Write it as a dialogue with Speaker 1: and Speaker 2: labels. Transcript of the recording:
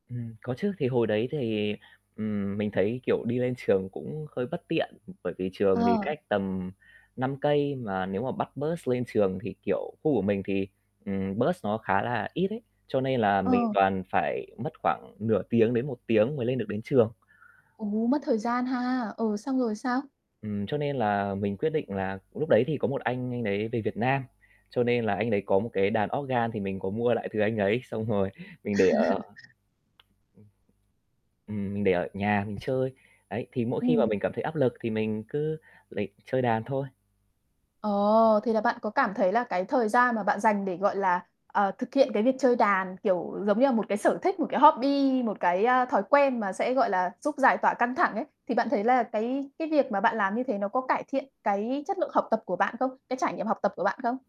Speaker 1: Ừm, có chứ. Thì hồi đấy thì, ừm, mình thấy, kiểu, đi lên trường cũng hơi bất tiện, ừm, bởi vì trường thì
Speaker 2: Ờ.
Speaker 1: cách tầm 5 cây, mà nếu mà bắt bus lên trường thì, kiểu, khu của mình thì, ừm, bus nó khá là ít ấy. Cho nên là mình
Speaker 2: Ừ.
Speaker 1: toàn phải mất khoảng nửa tiếng đến 1 tiếng mới lên được đến trường.
Speaker 2: Ồ, mất thời gian ha. Ừ, xong rồi sao?
Speaker 1: Ừm, cho nên là mình quyết định là lúc đấy thì có một anh, anh đấy về Việt Nam, cho nên là anh đấy có một cái đàn organ thì mình có mua lại từ anh ấy xong rồi mình để ở ừm, ừm, mình để ở nhà mình chơi. Đấy, thì mỗi khi mà
Speaker 2: Ừm.
Speaker 1: mình cảm thấy áp lực thì mình cứ lấy chơi đàn thôi.
Speaker 2: Ồ, thì là bạn có cảm thấy là cái thời gian mà bạn dành để, gọi là, ờ, thực hiện cái việc chơi đàn, kiểu giống như là một cái sở thích, một cái hobby, một cái, a, thói quen mà sẽ, gọi là, giúp giải tỏa căng thẳng ấy. Thì bạn thấy là cái cái việc mà bạn làm như thế nó có cải thiện cái chất lượng học tập của bạn không? Cái trải nghiệm học tập của bạn không?